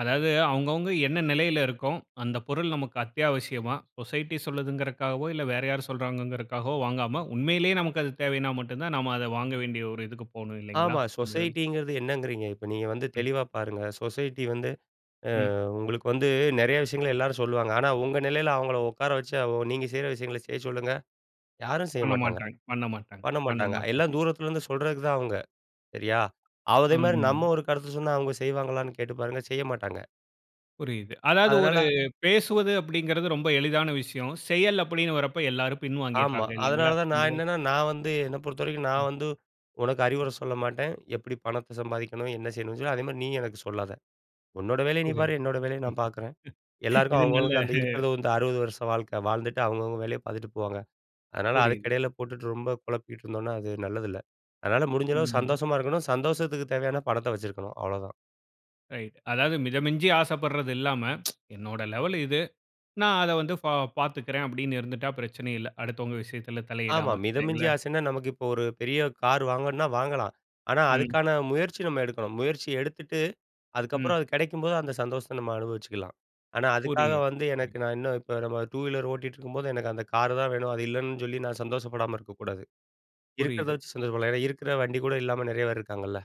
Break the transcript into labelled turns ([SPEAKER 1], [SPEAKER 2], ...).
[SPEAKER 1] அதாவது, அவங்கவங்க என்ன நிலைல இருக்கோம்? அந்த பொருள் நமக்கு அத்தியாவசியமா? சொசைட்டி சொல்லுதுங்கிறதுக்காகவோ, இல்ல வேற யாரும் சொல்றாங்கங்கிறதுக்காகவோ வாங்காம, உண்மையிலேயே நமக்கு அது தேவைன்னா மட்டும்தான் நாம அத வாங்க வேண்டிய ஒரு இதுக்கு போணும் இல்லைங்களா?
[SPEAKER 2] ஆமா,
[SPEAKER 1] இந்ததுல.
[SPEAKER 2] சொசைட்டிங்கிறது என்னங்கிறீங்க? இப்ப நீங்க வந்து
[SPEAKER 1] ம்.
[SPEAKER 2] தெளிவா பாருங்க. சொசைட்டி வந்து, அ
[SPEAKER 1] ம்.
[SPEAKER 2] உங்களுக்கு வந்து நெறைய விஷயங்கள எல்லாரும் சொல்லுவாங்க. ஆனா உங்க நிலையில அவங்கள உட்கார வச்சு, நீங்க செய்ற விஷயங்கள செய்ய சொல்லுங்க, யாரும் செய்ய மாட்டாங்க,
[SPEAKER 1] பண்ணமாட்டாங்க, பண்ணமாட்டாங்க,
[SPEAKER 2] பண்ண
[SPEAKER 1] பண்ண
[SPEAKER 2] மாட்டாங்க,
[SPEAKER 1] மாட்டாங்க.
[SPEAKER 2] எல்லாம் தூரத்துலருந்து சொல்றதுக்கு தான் அவங்க. சரியா? அதே மாரி
[SPEAKER 1] ம்.
[SPEAKER 2] நம்ம ஒரு கருத்து சொன்னா, அவங்க செய்வாங்களான்னு கேட்டுப் பாருங்க, செய்ய மாட்டாங்க.
[SPEAKER 1] புரியுது. அதாவது ஒரு
[SPEAKER 2] அதனால
[SPEAKER 1] பேசுவது அப்டிங்கிறது ரொம்ப எளிதான விஷயம். செயல் அப்டின்னு வரப்ப எல்லாரும்
[SPEAKER 2] ஆமா,
[SPEAKER 1] பின்வாங்கிடுறாங்க இல்லைங்களா?
[SPEAKER 2] அதனால தான்
[SPEAKER 1] இந்த
[SPEAKER 2] நான் என்னன்னா, நான் வந்து என்ன பொறுத்த வரைக்கும் நான்
[SPEAKER 1] ம்.
[SPEAKER 2] வந்து உனக்கு அறிவுர சொல்ல மாட்டேன். எப்டி பணத்த சம்பாதிக்கணும்? என்ன செய்யணும்னு சொல்லிட்டு. அதே மாரி நீ எனக்கு சொல்லாத. உன்னோட வேலைய நீ
[SPEAKER 1] புரிது.
[SPEAKER 2] பாரு, என்னோட வேலைய நான்
[SPEAKER 1] ம்
[SPEAKER 2] பார்க்றேன். எல்லாருக்கும்
[SPEAKER 1] இது
[SPEAKER 2] அவங்க
[SPEAKER 1] நல்ல
[SPEAKER 2] அவங்களுக்கு அந்த இருக்கிறது வந்து 60 வருஷ வாழ்க்க, வாழ்ந்துட்டு அவங்கவங்க வேலைய பார்த்துட்டு போவாங்க. அதனால அதுக்கு
[SPEAKER 1] புரியுது.
[SPEAKER 2] எடைல போட்டுட்டு ரொம்ப குழப்பிட்ருந்தோம்னா அது நல்லது இல்ல. அதனால முடிஞ்சளவுக்கு
[SPEAKER 1] ம்.
[SPEAKER 2] சந்தோஷமா இருக்கணும். சந்தோஷத்துக்கு தேவையான பணத்த வச்சிருக்கணும், அவ்ளோதான்.
[SPEAKER 1] ரைட். அதாவது மிதமிஞ்சி ஆசப்படுறது இல்லாம என்னோட லெவல் இது. நான் அத வந்து பா பாத்துக்றேன் அப்டின்னு இருந்துட்டா பிரச்சனையே இல்ல. அடுத்தவங்க விஷயத்துல
[SPEAKER 2] ஆமா
[SPEAKER 1] தலையிடாம,
[SPEAKER 2] மிதமிஞ்சி
[SPEAKER 1] இல்லைங்களா?
[SPEAKER 2] ஆசன்னா நமக்கு இப்போ ஒரு பெரிய கார் வாங்கணும்னா வாங்கலாம், ஆனா
[SPEAKER 1] ம்.
[SPEAKER 2] அதுக்கான முயற்சி நம்ம எடுக்கணும். முயற்சி எடுத்துட்டு அதுக்கப்புறம்
[SPEAKER 1] ம்.
[SPEAKER 2] அது கெடைக்கும்போது அந்த சந்தோஷத்த நம்ம அனுபவிச்சுக்கலாம். ஆனா அதுக்காக
[SPEAKER 1] புரியது.
[SPEAKER 2] வந்து
[SPEAKER 1] ம.
[SPEAKER 2] எனக்கு நான் இன்னும் இப்ப நம்ம 2 வீலர் ஓட்டிட்டுருக்கும்போது எனக்கு அந்த கார் தான் வேணும். அது இல்லன்னு சொல்லி நான் சந்தோஷப்படாம இருக்கக்கூடாது. இருக்றத
[SPEAKER 1] புரியுது.
[SPEAKER 2] வச்சு சந்தோஷப்படலாம். ஏன்னா, இருக்குற வண்டி கூட இல்லாம நெறைய பேர் இருக்காங்கல்ல.